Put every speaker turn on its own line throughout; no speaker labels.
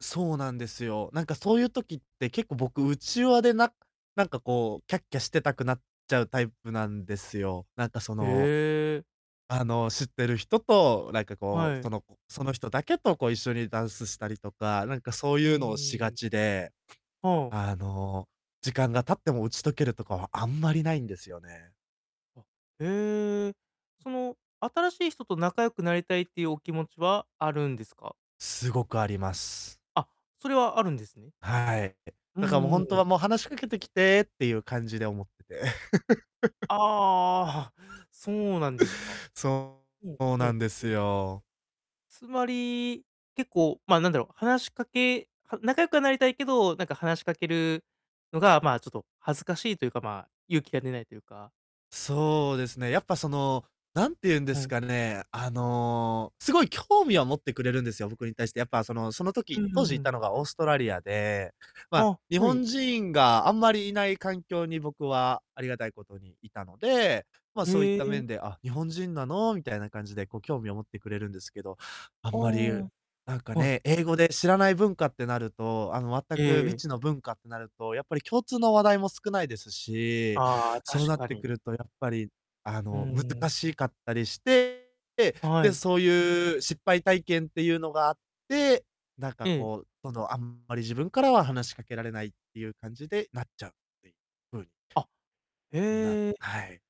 そうなんですよ。なんかそういう時って結構僕、内輪でななんかこうキャッキャしてたくなっちゃうタイプなんですよ。なんか、そ
へ
の、
え。
あの、知ってる人と、なんかこ
は
う、そ
い。
のこその人だけとこう一緒にダンスしたりとか、なんかそう
うんう
いうのをし
んう
が
ん。
ちで
はん。
あの、時間が経っても打ち解けるとかはあんまりないんですよね。
あ。へえ、その新しい人と仲良くなりたいっていうお気持ちはあるんですか？
すごくあります。
あ、それはあるんですね。
はい。
うん
だからもう
うん
本
う
当
ん。
は、もう話しかけてきてっていう感じで思ってて。
ああああああ、そうなんですか。
そう。
うん、
そう
ほ
なん
ん
です
ほん。
よ。
つまり、結構、ま、なんだろう、話しかけは仲良くはなりたいけど、なんか話しかけるのが、ま、ちょっと恥ずかしいというか、ま、勇気が出ないというか。
そうですね。やっぱ、その、なんていうんで
は
す
い。
かね、あの、すごい興味は持ってくれるんですよ、僕に対して。やっぱ、そのその
うん
時当
う
時
んう
いた
ん。
のがオーストラリアで、ま、
あ、
日
はい。
本人があんまりいない環境に僕は、ありがたいことにいたので、ま、そういっ
へ
た
え。
面で、あ、日本人なのみたいな感じで、こう興味を持ってくれるんですけど、あ
あ
んまり、
あ。
なんか
はい。
ね、英語で知らない文化ってなると、あの、全
ええ
く未
ええ。
知の文化ってなると、やっぱり共通の話題も少ないですし、
ああ、
そう
確
なっ
か
て
に。
くると、やっぱり、あ
う
の、
ん。
難しかったりして。
は
で、
い。
そういう失敗体験っていうのがあって、なんか
ええ。
こう、そのあんまり自分からは話しかけられないっていう感じでなっちゃうっていうふうに。
あ、
なん
へえ。
はい。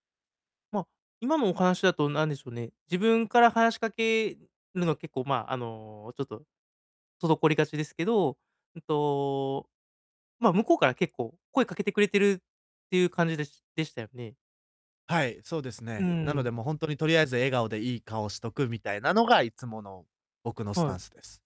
ま、今のお話だとなんでしょうね、自分から話しかけるのは結構ま、あのちょっと滞りがちですけど、うんと、まあ、向こうから結構声かけてくれているっていう感じでしでしたよね。
はい、そうです
う
ね。なの
ん。
で、もう、ほんとにとりあえず笑顔でいい顔しとくみたいなのがいつもの僕のス
は
タ
い。
ンスです。